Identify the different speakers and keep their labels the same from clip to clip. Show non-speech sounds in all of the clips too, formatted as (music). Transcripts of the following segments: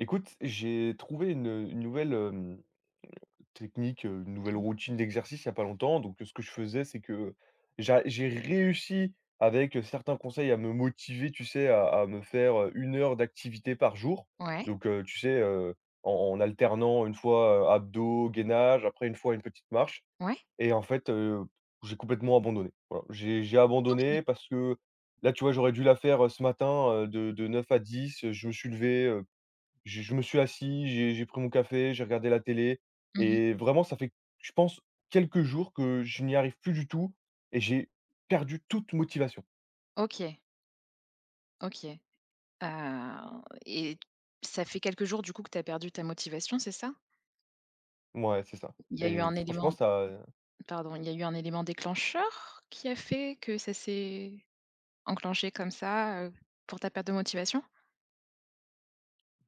Speaker 1: Écoute, j'ai trouvé une, heu, une nouvelle hem, mmh, technique, heu, une nouvelle
Speaker 2: (unintelligible)
Speaker 1: routine d'exercice il y a pas longtemps. Donc, ce que je faisais, c'est que j'a j'ai réussi avec, heu, certains conseils à me motiver, tu sais, à à me faire, heu, 1 heure d'activité par jour.
Speaker 2: Ouais?
Speaker 1: Donc heu, tu sais, heu, en en alternant une fois, heu, abdos, gainage, après une fois une petite marche.
Speaker 2: Ouais!
Speaker 1: Et en fait, heu, j'ai complètement abandonné. Voilà. J'ai j'ai
Speaker 2: OK.
Speaker 1: abandonné parce que là, tu vois, j'aurais dû la faire, heu, ce matin, heu, de de 9 à 10 heu je me suis levé, heu, j je me suis assis, j'ai j'ai pris mon café, j'ai regardé la télé
Speaker 2: Mmh mh.
Speaker 1: et vraiment, ça fait, je pense, quelques jours que je n'y arrive plus du tout et j'ai perdu toute motivation.
Speaker 2: OK. OK. Ah, et ça fait quelques jours, du coup, que tu as perdu ta motivation, c'est ça?
Speaker 1: Mouais, c'est ça
Speaker 2: Il y a eu
Speaker 1: et
Speaker 2: un
Speaker 1: franchement
Speaker 2: élément
Speaker 1: ça, heu
Speaker 2: pardon. Il y a eu un élément déclencheur qui a fait que ça s'est enclenché comme ça, heu, pour ta perte de motivation?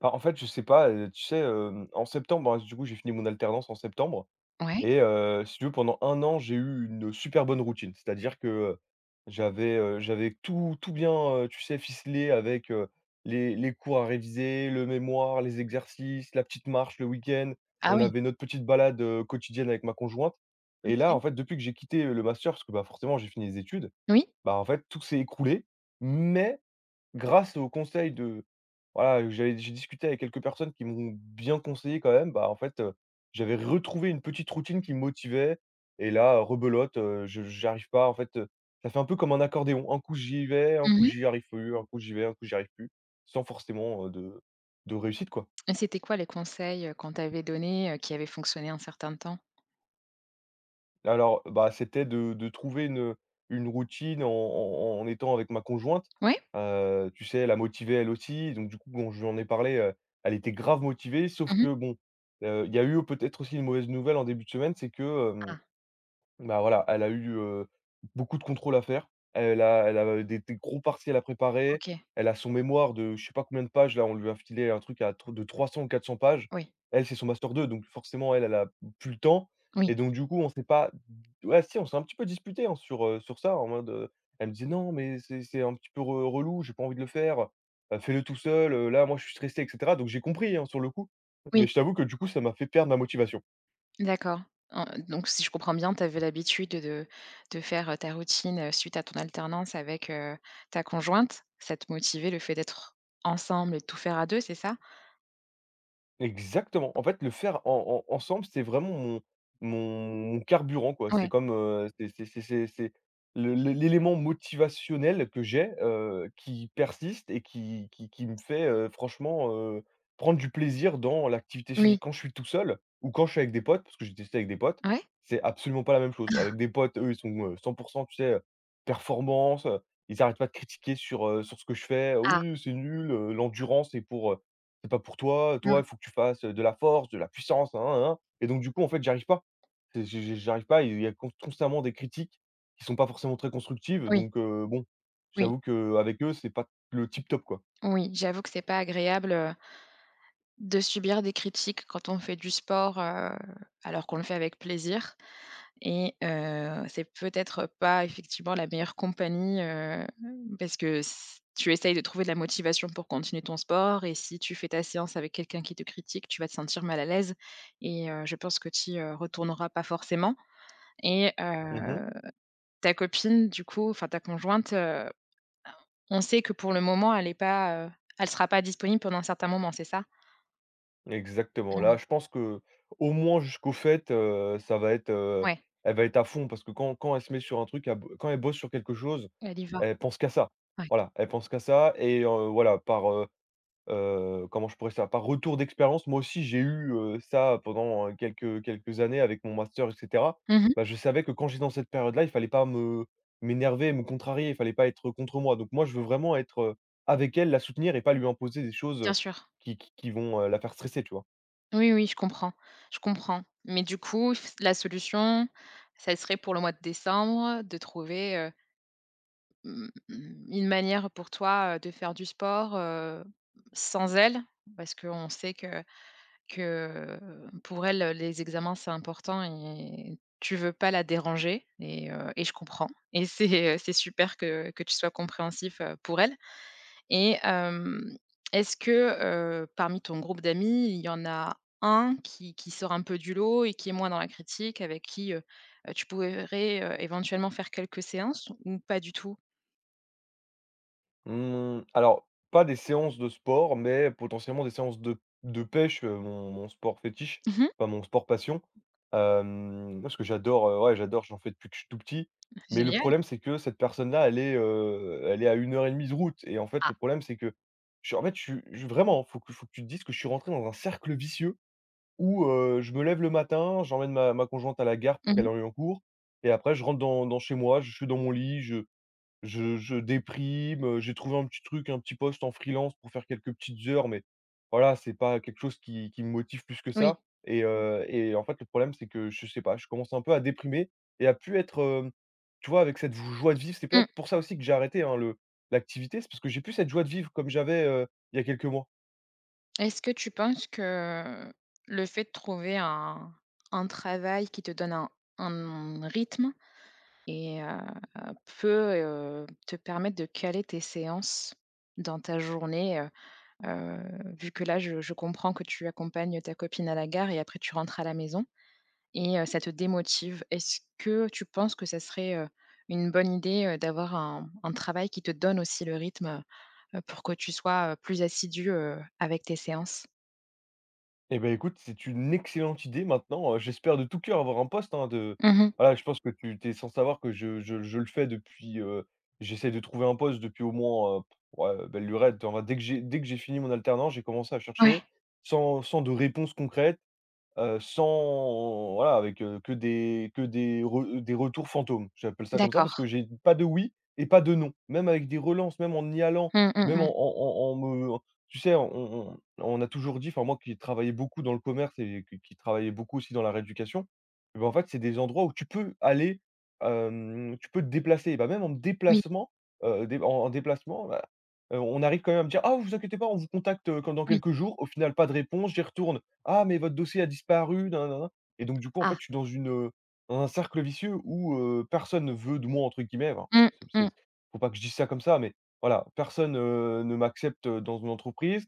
Speaker 1: Bah, en fait, je sais pas, heu, tu sais, hem, en septembre, ben, d du coup, j'ai fini mon alternance en septembre
Speaker 2: Ouais!
Speaker 1: et heu, si tu veux pendant un an j'ai eu une super bonne routine. C'est-à-dire que, heu, j'avais, heu, j'avais tout tout bien, heu, tu sais ficelé avec, heu, les les cours à réviser, le mémoire, les exercices, la petite marche le week-end,
Speaker 2: Ah
Speaker 1: on
Speaker 2: oui.
Speaker 1: avait notre petite balade, heu, quotidienne avec ma conjointe et là,
Speaker 2: OK.
Speaker 1: en fait, depuis que j'ai quitté, heu, le master parce que bah, forcément, j'ai fini les études,
Speaker 2: Oui?
Speaker 1: bah en fait, tout s'est écroulé. Mais grâce aux conseils de voilà, heu, j'avais d j'ai discuté avec quelques personnes qui m'ont bien conseillé quand même, bah en fait, heu, j'avais retrouvé une petite routine qui me motivait et là, heu, rebelote, heu, je j'arrive pas en fait, heu. Ca fait un peu comme un accordéon! Un coup j'y vais, un
Speaker 2: Mmh
Speaker 1: coup
Speaker 2: mh.
Speaker 1: j'y arrive plus, un coup j'y vais, un coup j'y arrive plus, sans forcément, heu, de de réussite quoi.
Speaker 2: Et c'était quoi les conseils, heu, qu'on t'avait donné, heu, qui avaient fonctionné un certain temps?
Speaker 1: Alors, bah, c'était de de trouver une, heu, une routine en en en étant avec ma conjointe.
Speaker 2: Oui?
Speaker 1: Heu, tu sais, elle a motivé elle aussi. Donc, du coup, bon, je lui en ai parlé, heu, elle était grave motivée, sauf
Speaker 2: Mmh mh.
Speaker 1: que bon, heu, il y a eu au peut-être aussi, une mauvaise nouvelle en début de semaine. C'est que hem,
Speaker 2: Ah!
Speaker 1: bah, voilà, elle a eu, heu, beaucoup de contrôles à faire. Elle a elle a, heu, des des gros partiels à préparer,
Speaker 2: OK.
Speaker 1: elle a son mémoire de je sais pas combien de pages, là! On lui a filé un truc à tr de 300 ou 400 pages.
Speaker 2: Oui.
Speaker 1: Elle, c'est son master 2, donc forcément, elle, elle a p plus le temps
Speaker 2: Oui.
Speaker 1: et donc, du coup, on s'est pas ouais! Si! On s'est un petit peu disputés hein, sur, heu, sur ça en mode, heu, elle me dit: «Non! Mais c'est c'est un petit peu re relou. J'ai pas envie de le faire. Bah, fais-le tout seul, heu. Là, moi, je suis stressée» et cetera. Donc, j'ai compris hein, sur le coup!
Speaker 2: Oui.
Speaker 1: Mais, je t'avoue que, du coup, ça m'a fait perdre ma motivation.
Speaker 2: D'accord! En donc, si je comprends bien, tu avais l'habitude de de faire, heu, ta routine, heu, suite à ton alternance avec heu ta conjointe, ça te motivait, le fait d'être ensemble et de tout faire à 2, c'est ça?
Speaker 1: Exactement! En fait, le faire en en ensemble, c'était vraiment mon mon mon carburant quoi. C'était
Speaker 2: Ouais.
Speaker 1: comme, heu, c'est c'est c'est c'est c'est le l'é l'élément motivationnel que j'ai, heu, qui persiste et qui qui qui me fait, heu, franchement, heu, prendre du plaisir dans l'activité
Speaker 2: Oui.
Speaker 1: physique. Quand je suis tout seul ou quand je suis avec des potes- parce que j'ai testé avec des potes-
Speaker 2: Ouais?
Speaker 1: c'est absolument pas la même chose!
Speaker 2: Ah!
Speaker 1: Avec des potes, eux, ils sont, heu, 100 % tu sais, heu, performance, heu, ils arrêtent pas de critiquer sur, heu, sur ce que je fais:
Speaker 2: Ah.
Speaker 1: «oui heu c'est nul, heu, l'endurance c'est pour, heu, c'est pas pour toi.
Speaker 2: Mmh.
Speaker 1: Toi, il faut que tu fasses, heu, de la force, de la puissance», nin nin nin nin et donc, du coup, en fait, j'y arrive pas! J je j j'arrive pas, et il y a con constamment des critiques qui sont pas forcément très constructives,
Speaker 2: Oui.
Speaker 1: donc heu, bon, je
Speaker 2: Oui.
Speaker 1: t'avoue qu'avec eux c'est pas le tip top, quoi.
Speaker 2: Oui! J'avoue que c'est pas agréable heu de subir des critiques quand on fait du sport, heu, alors qu'on le fait avec plaisir. Et heu, c'est peut-être pas, effectivement, la meilleure compagnie, heu, hem, parce que s tu essayes de trouver de la motivation pour continuer ton sport et si tu fais ta séance avec quelqu'un qui te critique, tu vas te sentir mal à l'aise et heu, je pense que tu y, heu, retourneras pas forcément et
Speaker 1: Mmh mh.
Speaker 2: heu, ta copine, du coup, enfin, ta conjointe, heu, bah, on on sait que pour le moment elle est pas, heu elle sera pas disponible pendant un certain moment. C'est ça?
Speaker 1: Exactement! Là,
Speaker 2: Oui.
Speaker 1: je pense qu'au moins jusqu'aux fêtes, heu, ça va être, heu
Speaker 2: Ouais.
Speaker 1: elle va être à fond parce que quand quand elle se met sur un truc, elle bo quand elle bosse sur quelque chose,
Speaker 2: Elle y va.
Speaker 1: elle pense qu'à ça.
Speaker 2: Ouais.
Speaker 1: Voilà, elle pense qu'à ça et heu, voilà. Par heu, heu, comment je pourrais ça? Par retour d'expérience, moi aussi j'ai eu, heu, ça pendant, heu, quelques, heu, quelques années avec mon master et cetera.
Speaker 2: Mmh mh.
Speaker 1: Bah, je savais que quand j'étais dans cette période-là, il fallait pas me m'énerver, me contrarier, il fallait pas être contre moi. Donc, moi, je veux vraiment être heu avec elle, la soutenir et pas lui imposer des choses,
Speaker 2: Bien
Speaker 1: heu,
Speaker 2: sûr.
Speaker 1: qui qu qui vont, heu, la faire stresser, tu vois?
Speaker 2: Oui, oui, je comprends. Je comprends. Mais du coup, f la solution, ça serait pour le mois de décembre, de trouver, heu, mmh, une manière pour toi, heu, de faire du sport, heu, sans elle. Parce qu'on sait que que pour elle, heu, les examens c'est important et tu veux pas la déranger et heu, et je comprends. Et c'est, heu, c'est super que que tu sois compréhensif, heu, pour elle et hem, est-ce que, heu, parmi ton groupe d'amis, il y en a 1, qui qui sort un peu du lot et qui est moins dans la critique, avec qui, heu heu, tu pourrais éventuellement, faire quelques séances ou pas du tout?
Speaker 1: Mmh, alors pas des séances de sport mais potentiellement des séances de p de pêche, hem, mon mon sport fétiche
Speaker 2: Mmh mh.
Speaker 1: enfin, mon sport passion, hem, moi ce que j'adore, heu ouais, j'adore, j'en fais depuis que je suis tout petit mais le
Speaker 2: Génial.
Speaker 1: problème c'est que cette personne-là, elle est, heu, elle est à 1 heure et demie de route et en fait
Speaker 2: Ah.
Speaker 1: le problème c'est que je en fait, je suis vraiment, il faut il faut que tu te dises que je suis rentré dans un cercle vicieux où heu, je me lève le matin, j'emmène ma ma conjointe à la gare
Speaker 2: Mmh
Speaker 1: pour qu'elle
Speaker 2: mh.
Speaker 1: arrive en cours et après je rentre dans dans chez moi, je suis dans mon lit, je je je déprime, heu, j'ai trouvé un petit truc, un petit poste en freelance pour faire quelques petites heures mais voilà, c'est pas quelque chose qui qui me motive plus que
Speaker 2: Oui.
Speaker 1: ça et heu et en fait le problème c'est que je sais pas, je commence un peu à déprimer et à plus être, heu, tu vois, avec cette j joie de vivre. C'est peut-être
Speaker 2: Mmh.
Speaker 1: pour ça aussi que j'ai arrêté, hein, le l'activité, c'est parce que j'ai plus cette joie de vivre comme j'avais, heu, il y a quelques mois.
Speaker 2: Est-ce que tu penses que, heu, le fait de trouver un un travail qui te donne un, hem, un rythme et heu, peut, heu, te permettre de caler tes séances dans ta journée, heu heu, vu que là, je je comprends que tu accompagnes ta copine à la gare et après tu rentres à la maison et heu, ça te démotive. Est-ce que tu penses que ça serait, heu, une bonne idée, heu, d'avoir un un travail qui te donne aussi le rythme? Pour que tu sois, heu, plus assidu, heu, avec tes séances?
Speaker 1: Eh beh, écoute, c'est une excellente idée maintenant, heu, j'espère de tout coeur avoir un poste hein, de
Speaker 2: Mmh mh.
Speaker 1: voilà je pense que tu tu es sans savoir que je je je le fais depuis, heu j'essaie de trouver un poste depuis au moins, heu, pff, ouais, belle lurette. En vrai, dès que j'ai dès que j'ai fini mon alternance, j'ai commencé à
Speaker 2: Ouais.
Speaker 1: chercher, sans sans de réponses concrètes, heu, sans heu, voilà, avec que des que des re des retours fantômes. J'appelle ça comme ça parce
Speaker 2: D'accord.
Speaker 1: que, j'ai pas de oui et pas de non, même avec des relances, même en y allant,
Speaker 2: Mmh, mmh,
Speaker 1: même en
Speaker 2: mmh.
Speaker 1: en en en me tu sais, on on on a toujours dit, enfin moi qui ai travaillé beaucoup dans le commerce et qui qui travaillait beaucoup aussi dans la rééducation. Et bah, en fait, c'est des endroits où tu peux aller, hem, tu peux te déplacer, bah même en me
Speaker 2: Oui.
Speaker 1: déplacement, heu, dé en déplacement. Bah, heu, on arrive quand même à me dire: «Ah, vous inquiétez pas, on vous contacte quand dans
Speaker 2: Oui.
Speaker 1: quelques jours». Au final, pas de réponse, j'y retourne: «Ah, mais votre dossier a disparu» nananana et donc du coup, en fait,
Speaker 2: Ah!
Speaker 1: je suis dans une dans un cercle vicieux où heu, personne ne veut de moi «entre guillemets». Enfin,
Speaker 2: Mmh
Speaker 1: c'est ps c'est
Speaker 2: mh.
Speaker 1: ps il faut pas que je dise ça comme ça, mais voilà, personne, heu, ne m'accepte dans une entreprise.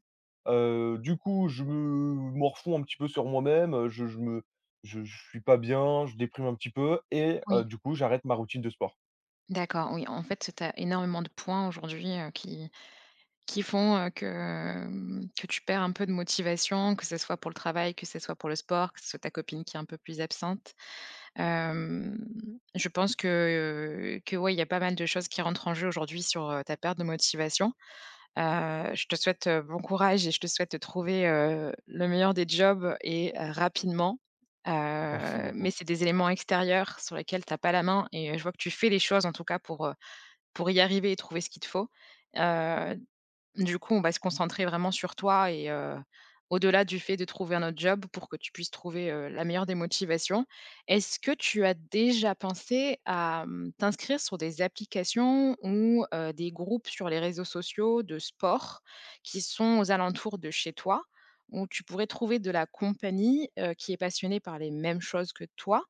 Speaker 1: Heu, du coup, je me morfonds un petit peu sur moi-même heu, je je me je j je suis pas bien, je déprime un petit peu et heu,
Speaker 2: Oui.
Speaker 1: du coup j'arrête ma routine de sport.
Speaker 2: D'accord oui, en fait, tu sais, tu as énormément de points aujourd'hui heu, qui qui font, heu, que mmh, que tu perds un peu de motivation, que ce soit pour le travail, que ce soit pour le sport, que ce soit ta copine qui est un peu plus absente. Hem, je pense que, heu, que ouais, il y a pas mal de choses qui rentrent en jeu aujourd'hui sur, heu, ta perte de motivation. Heu, je te souhaite bon courage et je te souhaite de trouver, heu, le meilleur des jobs et rapidement. Heu,
Speaker 1: Merci
Speaker 2: mais,
Speaker 1: beaucoup.
Speaker 2: c'est des éléments extérieurs sur lesquels tu as pas la main et je vois que tu fais les choses en tout cas pour, heu, pour y arriver et trouver ce qu'il te faut. Heu, du coup, on va se concentrer vraiment sur toi et heu, au-delà du fait de trouver un autre job pour que tu puisses trouver, heu, la meilleure des motivations. Est-ce que tu as déjà pensé à mmh, t'inscrire sur des applications ou heu, des groupes sur les réseaux sociaux de sport qui sont aux alentours de chez toi? Où tu pourrais trouver de la compagnie, heu, qui est passionnée par les mêmes choses que toi?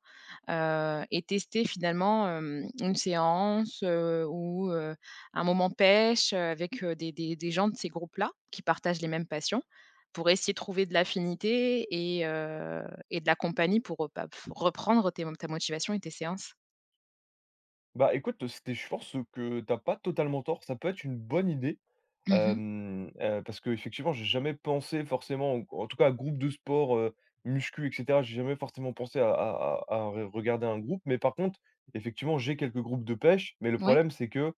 Speaker 2: Heu, et tester finalement hem, une séance, heu, ou heu, un moment pêche avec des des des gens de ces groupes-là, qui partagent les mêmes passions. Pour essayer de trouver de l'affinité et heu, et de la compagnie pour, heu, bah, pff, reprendre tes ta motivation et tes séances.
Speaker 1: Bah écoute c'était je pense, heu, que tu as pas totalement tort ça peut être une bonne idée,
Speaker 2: Mmh mh.
Speaker 1: hem, heu, parce qu'effectivement j'ai jamais pensé forcément ou qu ou en tout cas groupe de sport, heu, muscu et cetera j'ai jamais forcément pensé à à à à re regarder un groupe mais par contre effectivement j'ai quelques groupes de pêche mais le
Speaker 2: Mouais.
Speaker 1: problème c'est que, heu,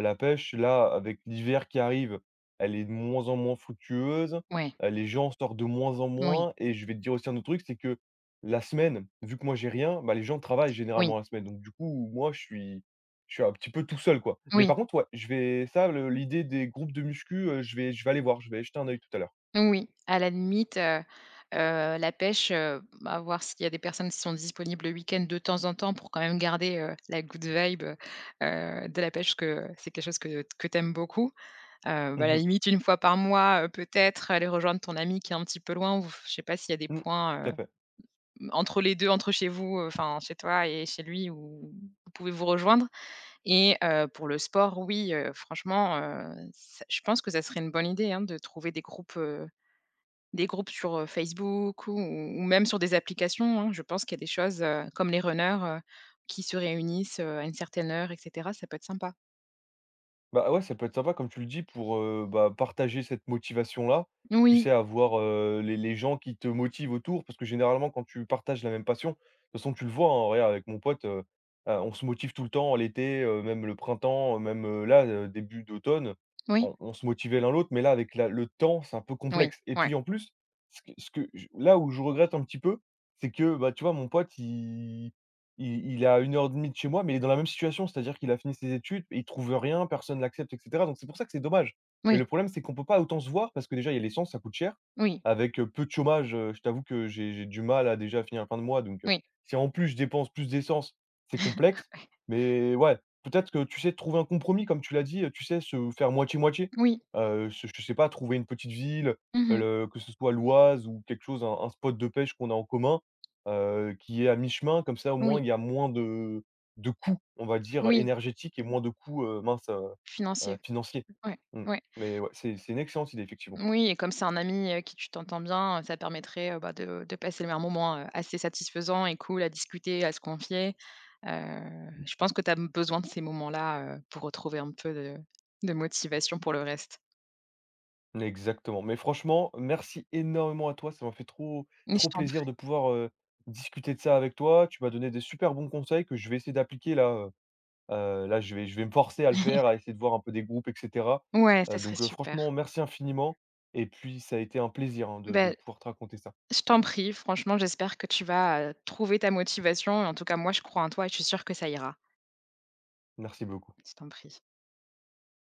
Speaker 1: la pêche là avec l'hiver qui arrive, elle est de moins en moins fructueuse,
Speaker 2: Ouais.
Speaker 1: heu, les gens sortent de moins en
Speaker 2: Moui.
Speaker 1: moins et je vais te dire aussi un autre truc c'est que, la semaine vu que moi j'ai rien, bah les gens travaillent
Speaker 2: Oui.
Speaker 1: généralement la semaine donc du coup moi je suis je suis un petit peu tout seul quoi, mais par
Speaker 2: Oui.
Speaker 1: contre ouais je vais ça le l'idée des groupes de muscu, heu, je vais je vais aller voir je vais jeter un œil tout à l'heure.
Speaker 2: Moui, à la limite, heu heu, la pêche, heu, bah à voir s'il y a des personnes qui sont disponibles le week-end de temps en temps pour quand même garder, heu, la good vibe heu, heu de la pêche parce que c'est quelque chose que t que tu aimes beaucoup, heu, bah à
Speaker 1: Mmh
Speaker 2: la
Speaker 1: mh.
Speaker 2: limite 1 fois par mois, heu, peut-être aller rejoindre ton ami qui est un petit peu loin ou vous f je sais pas s'il y a des
Speaker 1: Mmh, tout
Speaker 2: points, heu,
Speaker 1: à fait.
Speaker 2: m entre les 2 entre chez vous. Heu, enfin chez toi et chez lui où vous pouvez vous rejoindre et heu, pour le sport oui, heu, franchement, heu, ç je pense que ça serait une bonne idée hein de trouver des groupes, heu, des groupes sur, heu, Facebook ou ou ou même sur des applications, hein, je pense qu'il y a des choses, heu, comme les runners heu, qui se réunissent, heu, à une certaine heure et cetera, ça peut être sympa.
Speaker 1: Bah ouais, ça peut être sympa comme tu le dis pour, heu, bah partager cette motivation là. Tu
Speaker 2: Oui.
Speaker 1: sais avoir heu, les les gens qui te motivent autour, parce que généralement quand tu partages la même passion, de toute façon tu le vois, hein, regarde avec mon pote, heu, heu, on se motive tout le temps l'été, heu, même le printemps, heu, même, heu, là le début d'automne,
Speaker 2: Oui.
Speaker 1: on on se motivait l'un l'autre, mais là avec la le temps, c'est un peu
Speaker 2: Oui,
Speaker 1: complexe. Et
Speaker 2: ouais.
Speaker 1: puis en plus, ce que ce que je là où je regrette un petit peu, c'est que bah tu vois mon pote, il il il est à 1 heure et demie de chez moi, mais il est dans la même situation, c'est-à-dire qu'il a fini ses études mais il trouve rien, personne l'accepte, et cetera. Donc c'est pour ça que c'est dommage. Mais
Speaker 2: Oui.
Speaker 1: le problème, c'est qu'on peut pas autant se voir parce que déjà il y a l'essence, ça coûte cher.
Speaker 2: Oui.
Speaker 1: Avec, heu, peu de chômage, heu, je t'avoue que j'ai j'ai du mal à déjà finir la fin de mois donc heu,
Speaker 2: Moui.
Speaker 1: si en plus je dépense plus d'essence,
Speaker 2: (laughs)
Speaker 1: c'est complexe.
Speaker 2: Ouais.
Speaker 1: Mais ouais, peut-être que tu sais trouver un compromis comme tu l'as dit, heu, tu sais se faire moitié, moitié.
Speaker 2: Oui.
Speaker 1: Heu, se je sais pas trouver une petite ville,
Speaker 2: Mmh
Speaker 1: heu,
Speaker 2: mh.
Speaker 1: le que ce soit l'Oise ou quelque chose, un un spot de pêche qu'on a en commun, heu, qui est à mi-chemin comme ça au
Speaker 2: Oui.
Speaker 1: moins il y a moins de de coûts on va dire
Speaker 2: Oui.
Speaker 1: énergétiques et moins de coûts, heu, mince, heu, heu,
Speaker 2: Financier.
Speaker 1: financiers.
Speaker 2: Ouais,
Speaker 1: Mmh,
Speaker 2: ouais.
Speaker 1: mais ouais, c'est c'est une excellente idée effectivement.
Speaker 2: Oui et comme c'est un ami avec qui tu t'entends bien, ça permettrait, heu, bah de de passer le un moment, heu, assez satisfaisant et cool à discuter, à se confier. Heu, je pense que tu as b besoin de ces moments-là, heu, pour retrouver un peu de de motivation pour le reste.
Speaker 1: Exactement, mais franchement, merci énormément à toi, ça m'a fait trop
Speaker 2: Mais je
Speaker 1: trop
Speaker 2: t'en
Speaker 1: plaisir
Speaker 2: prie.
Speaker 1: de pouvoir, heu, discuter de ça avec toi, tu m'as donné des super bons conseils que je vais essayer d'appliquer là, heu, heu, là je vais je vais me forcer à le faire,
Speaker 2: (chuckles)
Speaker 1: à essayer de voir un peu des groupes et cetera.
Speaker 2: Ouais, ça
Speaker 1: Heu
Speaker 2: serait
Speaker 1: donc, heu,
Speaker 2: super.
Speaker 1: franchement merci infiniment et puis ça a été un plaisir hein de de
Speaker 2: Bah
Speaker 1: pouvoir te raconter ça.
Speaker 2: je t'en prie franchement j'espère que tu vas, heu, trouver ta motivation et en tout cas moi je crois en toi et je suis sûre que ça ira.
Speaker 1: Merci beaucoup.
Speaker 2: Je t'en prie.